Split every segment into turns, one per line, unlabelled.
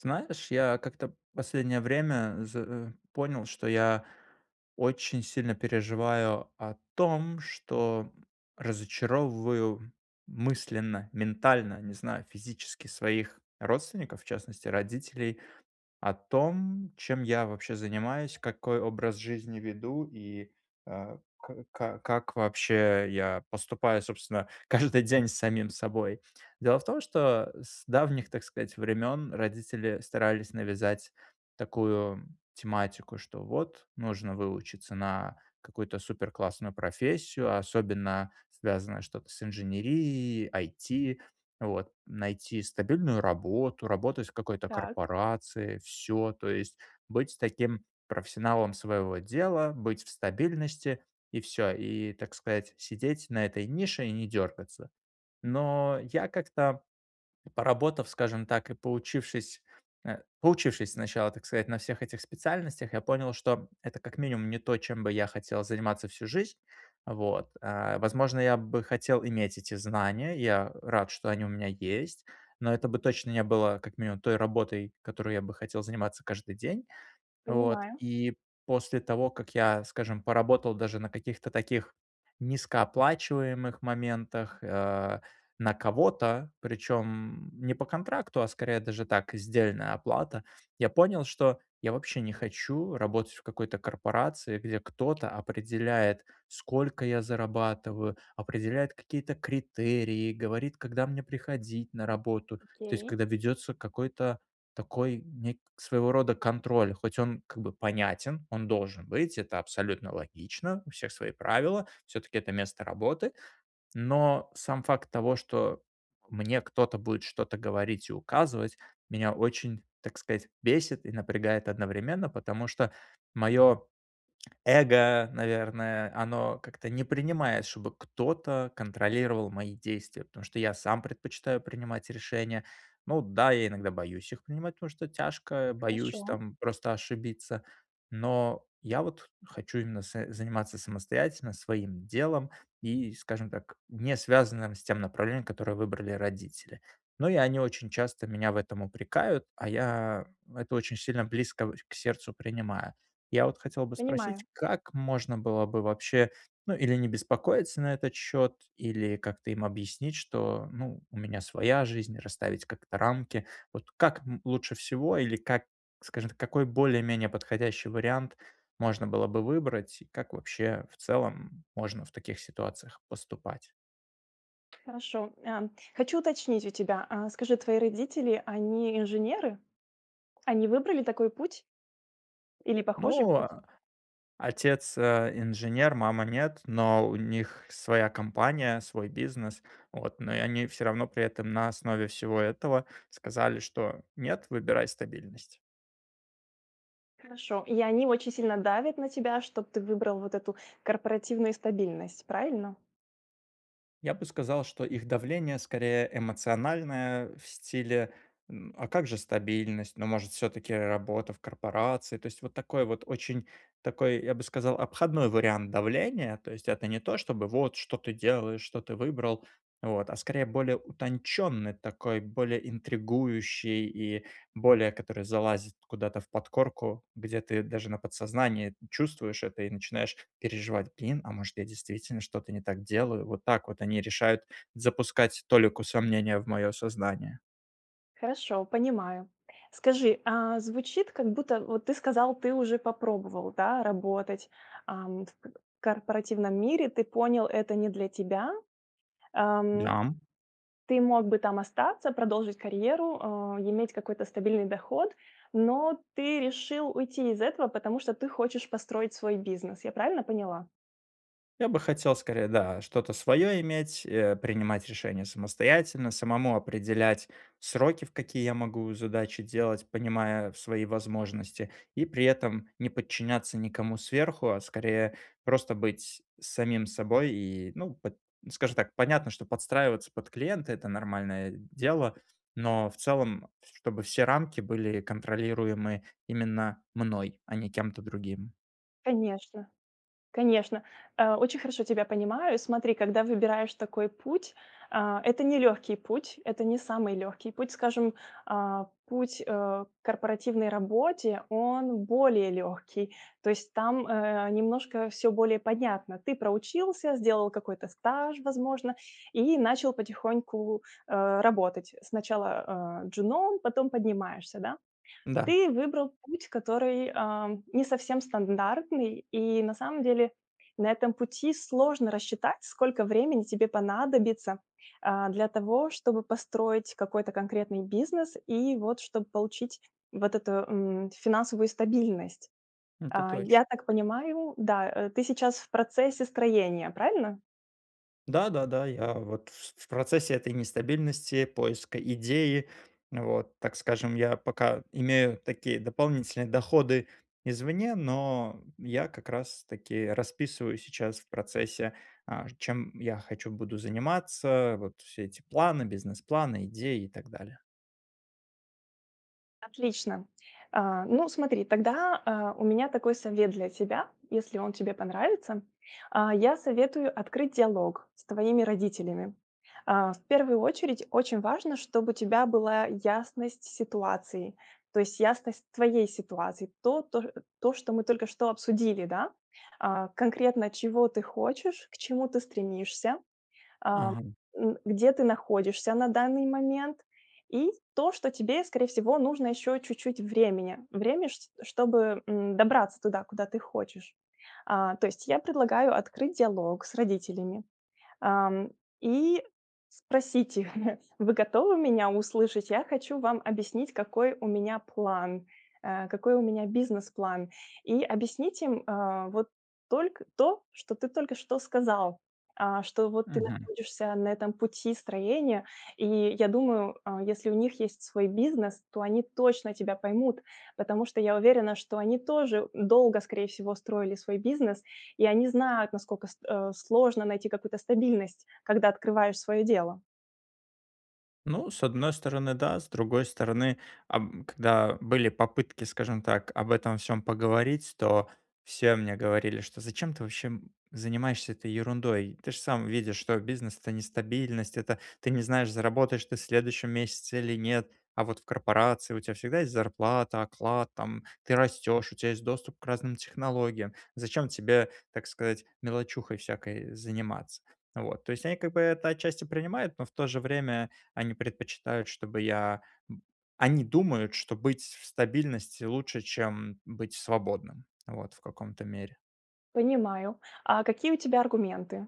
Знаешь, я как-то последнее время, з э, понял, что я очень сильно переживаю о том, что разочаровываю мысленно, ментально, не знаю, физически, своих родственников, в частности, родителей, о том, чем я вообще занимаюсь, какой образ жизни веду, и, э, к ка как, вообще, я поступаю, собственно, каждый день с самим собой. Дело в том, что с давних, так сказать, времён родители старались навязать такую тематику, что вот нужно выучиться на какую-то суперклассную профессию, особенно связанное что-то с инженерией, IT, вот, найти стабильную работу, работать в какой-то
Так.
корпорации- всё. То есть быть с таким профессионалом своего дела. Быть в стабильности, и всё. И, так сказать, сидеть на этой нише и не дёргаться. Но я как-то, поработав, скажем так, и поучившись, э, поучившись сначала, так сказать, на всех этих специальностях, я понял, что это, как минимум, не то, чем бы я хотел заниматься всю жизнь, вот. А, возможно, я бы хотел иметь эти знания. Я рад, что они у меня есть. Но это бы точно не было, как минимум, той работой, которой я бы хотел заниматься каждый день. Вот.
Понимаю.
И после того, как я, скажем, поработал даже на каких-то таких низкооплачиваемых моментах, э, на кого-то, причём не по контракту, а, скорее, даже так- сдельная оплата, я понял, что я вообще не хочу работать в какой-то корпорации, где кто-то определяет, сколько я зарабатываю, определяет какие-то критерии, говорит, когда мне приходить на работу. То есть
Окей.
когда ведётся какой-то такой нек своего рода контроль. Хоть он как бы понятен, он должен быть. Это абсолютно логично. У всех свои правила, всё-таки это место работы. Но сам факт того, что мне кто-то будет что-то говорить и указывать, меня очень, так сказать, бесит и напрягает одновременно. Потому что моё эго, наверное, оно как-то не принимает, чтобы кто-то контролировал мои действия. Потому что я сам предпочитаю принимать решения. Ну да, я иногда боюсь их принимать, потому что тяжко. Боюсь
Хорошо.
там просто ошибиться. Но я вот хочу именно с заниматься самостоятельно своим делом. И, скажем так, не связанным с тем направлением, которое выбрали родители. Но и они очень часто меня в этом упрекают. А я это очень сильно близко в к сердцу принимаю. Я вот хотел бы
Понимаю.
спросить: как можно было бы вообще, ну, или не беспокоиться на этот счёт, или как-то им объяснить, что, ну, у меня своя жизнь, расставить как-то рамки? Вот как, м, лучше всего, или как, скажем, какой более-менее подходящий вариант можно было бы выбрать, и как вообще, в целом, можно в таких ситуациях поступать?
Хорошо, эм, хочу уточнить у тебя, а, скажи твои родители- они инженеры? Они выбрали такой путь? Или похожий
Ну,
путь?
э, отец, э, инженер, мама- нет, но у них своя компания, свой бизнес. Вот, но и они всё равно при этом на основе всего этого сказали, что "нет, выбирай стабильность".
Хорошо. И они очень сильно давят на тебя, чтоб ты выбрал вот эту корпоративную стабильность, правильно?
Я бы сказал, что их давление скорее эмоциональное, в стиле, м: "А как же стабильность, но, может, всё-таки работа в корпорации?" То есть вот такой вот очень такой, я бы сказал, обходной вариант давления. То есть это не то чтобы: "Вот, что ты делаешь, что ты выбрал?" Вот, а, скорее, более утонченный, такой более интригующий и более который залазит куда-то в подкорку, где ты даже на подсознании чувствуешь это и начинаешь переживать: "Блин, а может, я действительно что-то не так делаю?" Вот так вот они решают запускать толику сомнения в мое сознание.
Хорошо, понимаю. Скажи, а звучит как будто Вот ты сказал, ты уже попробовал, да, работать, ам, в к корпоративном мире, ты понял: это не для тебя, эм.
Дам.
Ты мог бы там остаться, продолжить карьеру, э, иметь какой-то стабильный доход, но ты решил уйти из этого, потому что ты хочешь построить свой бизнес. Я правильно поняла?
Я бы хотел скорее, да, что-то своё иметь, э, принимать решения самостоятельно, самому определять сроки, в какие я могу задачи делать, понимая в свои возможности и, при этом, не подчиняться никому сверху, а скорее, просто быть самим собой. И, ну, под скажем так, понятно, что подстраиваться под клиента- это нормальное дело, но в целом, чтобы все рамки были контролируемы именно мной, а не кем-то другим.
Конечно. Конечно. А, очень хорошо тебя понимаю. Смотри, когда выбираешь такой путь, а, это не легкий путь, это не самый легкий путь. Скажем, а, путь, а, к корпоративной работе- он более легкий. То есть там, э, немножко всё более понятно. Ты проучился, сделал какой-то стаж, возможно, и начал потихоньку, а, работать. Сначала, а, джуном, потом поднимаешься, да.
Да.
Ты выбрал путь, который, а, не совсем стандартный и, на самом деле, на этом пути сложно рассчитать, сколько времени тебе понадобится, а, для того, чтобы построить какой-то конкретный бизнес, и, вот, чтобы получить, вот эту, м, финансовую стабильность.
Это
А,
точно.
я так понимаю, да, э, ты сейчас в процессе строения, правильно?
Да-да-да, я, вот, вс в процессе этой нестабильности поиска идеи, вот, так скажем. Я пока имею такие дополнительные доходы извне, но я как раз-таки расписываю сейчас в процессе, а, ж чем я хочу, буду заниматься, э. Вот все эти планы, бизнес-планы, идеи и так далее.
Отлично. А. Ну смотри, тогда, а, у меня такой совет для тебя, если он тебе понравится. А, я советую открыть диалог с твоими родителями. А, в первую очередь очень важно, чтоб у тебя была ясность ситуации, то есть ясность твоей ситуации, то то ш то, что мы только что обсудили, да: а, конкретно чего ты хочешь, к чему ты стремишься, а,
Ага.
н где ты находишься на данный момент, и то, что тебе, скорее всего, нужно еще чуть-чуть времени, время ш чтобы, м, добраться туда, куда ты хочешь. А, то есть я предлагаю открыть диалог с родителями, ам, и спросить их: "Вы готовы меня услышать? Я хочу вам объяснить какой у меня план, э, какой у меня бизнес-план". И объяснить им, а, вот только то, что ты только что сказал. А, что вот ты
Мгм.
находишься на этом пути строения и, я думаю, а, если у них есть свой бизнес, то они точно тебя поймут, потому что я уверена, что они тоже, у, долго, скорее всего, строили свой бизнес и они знают, насколько ст э, сложно найти какую-то стабильность, когда открываешь свое дело.
Ну, с одной стороны, да, с другой стороны, аб когда были попытки, скажем так, об этом всём поговорить, то все мне говорили, что: "Зачем ты вообще занимаешься этой ерундой? Ты ж сам видишь, что бизнес- это нестабильность, это, ты не знаешь, заработаешь ты в следующем месяце или нет. А вот в корпорации у тебя всегда есть зарплата, оклад там, ты растешь, у тя есть доступ к разным технологиям, зачем тебе, так сказать, мелочухой всякой заниматься." Вот. То есть они, как бы, это отчасти принимают, но в то же время они предпочитают, чтобы я б они думают, что быть в стабильности лучше, чем быть свободным, вот, в каком-то мере.
Понимаю. А какие у тебя аргументы?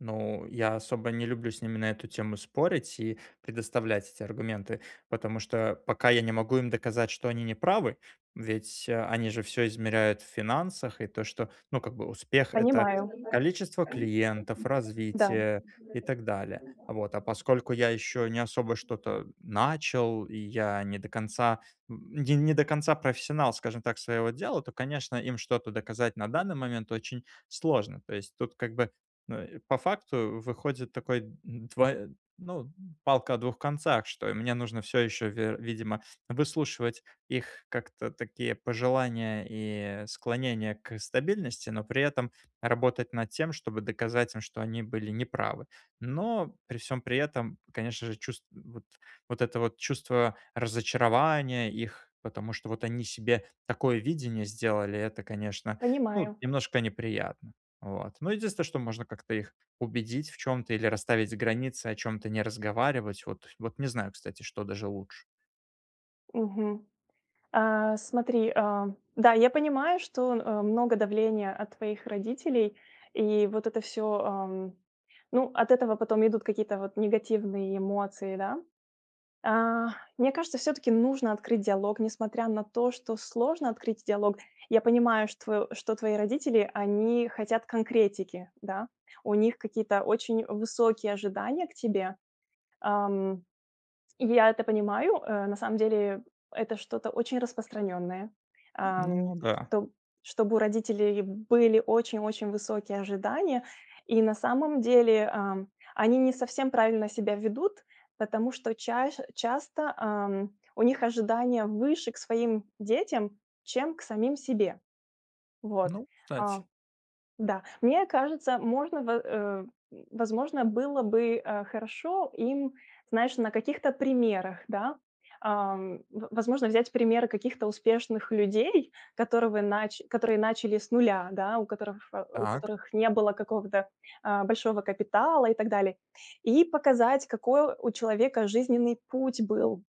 Ну, я особо не люблю с ними на эту тему спорить и предоставлять эти аргументы, потому что пока я не могу им доказать, что они не правы, ведь, э, они же всё измеряют в финансах. И то, что, ну, как бы успех- это
Понимаю.
количество клиентов,
Да.
развитие и так далее. Вот, а поскольку я ещё не особо что-то начал и я не до конца, н не до конца профессионал, скажем так, своего дела, то, конечно, им что-то доказать на данный момент очень сложно. То есть тут как бы, ну, и по факту выходит такой д двой ну, палка о двух концах: что и мне нужно всё ещё, вер' видимо, выслушивать их как-то такие пожелания и склонения к стабильности, но при этом работать над тем, чтобы доказать им, что они были не правы. Но при всем при этом, конечно же, чувство вот, вот этого вот чувство разочарования их, потому что вот они себе такое видение сделали,- это конечно ну
Понимаю.
немножко неприятно, вот. Но единственное, что можно как-то их убедить в чём-то или расставить границы, о чём-то не разговаривать. Вот, вот не знаю кстати, что даже лучше.
Мгм. А, смотри, а, да, я понимаю, что, э, много давления от твоих родителей и вот это всё, эм ну от этого потом идут какие-то вот негативные эмоции, да. А, мне кажется, всё-таки нужно открыть диалог, несмотря на то, что сложно открыть диалог. Я понимаю, штво что твои родители, они хотят конкретики, да, у них какие-то очень высокие ожидания к тебе, ам. И я это понимаю, э, на самом деле это что-то очень распространенное, ам,
Ну да.
чтоб чтобы у родителей были очень очень высокие ожидания. И на самом деле, а, они не совсем правильно себя ведут, потому что час часто, эм, у них ожидания выше к своим детям, чем к самим себе. Вот,
Ну, кстати.
а, да. Мне кажется, можно бы э, возможно было бы, э, хорошо им, знаешь, на каких-то примерах, да. Эм, в возможно взять примеры каких-то успешных людей, которывы нач которые начали с нуля, да, у которых у
Так.
которых не было какого-то, э, большого капитала и так далее. И показать, какой у человека жизненный путь был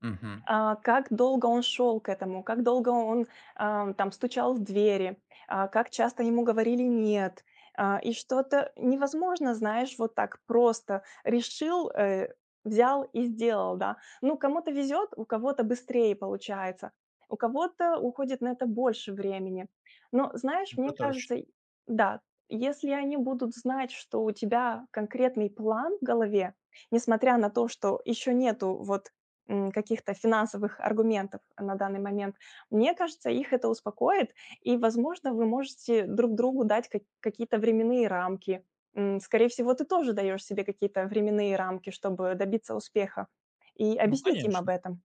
Мгм.
э, как долго он шел к этому, как долго он, э, там стучал в двери, а, как часто ему говорили "нет", э, и что-то невозможно, знаешь, вот так просто: решил, э, взял и сделал, да. Ну, кому-то везет, у кого-то быстрее получается, у кого-то уходит на это больше времени. Но, знаешь,
Это
мне кажется
точно.
й да, если они будут знать, что у тебя конкретный план в голове, несмотря на то, что еще нету вот, м, каких-то финансовых аргументов на данный момент, мне кажется, их это успокоит и возможно вы можете друг другу дать как какие-то временные рамки, м. Скорее всего, ты тоже даешь себе какие-то временные рамки, чтобы добиться успеха. И
Ну
объяснить им об
конечно!
этом.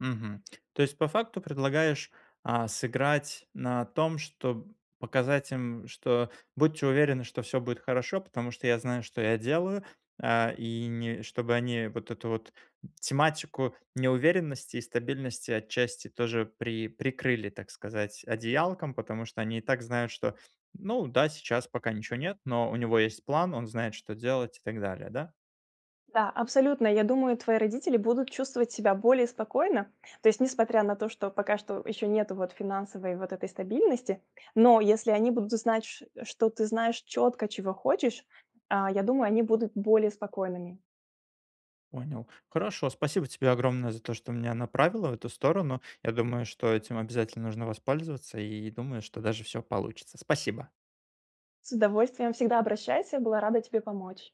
Мгм. То есть, по факту, предлагаешь, а, сыграть на том, чтоб показать им, что "будьте уверены, что всё будет хорошо, потому что я знаю, что я делаю". А и не чтобы они вот эту вот тематику неуверенности и стабильности отчасти тоже при прикрыли, так сказать, одеялком, потому что они и так знают, что "ну да, сейчас пока ничего нет, но у него есть план, он знает, что делать" и так далее, да?
Да, абсолютно! Я думаю, твои родители будут чувствовать себя более спокойно. То есть несмотря на то, что пока что еще нету вот финансовой вот этой стабильности, но если они будут знать, ч что ты знаешь четко, чего хочешь, а, я думаю, они будут более спокойными.
Понял, хорошо. Спасибо тебе огромное за то, что меня направила в эту сторону. Я думаю, что этим обязательно нужно воспользоваться, и, думаю, что даже всё получится. Спасибо.
С удовольствием, всегда обращайся! Была рада тебе помочь!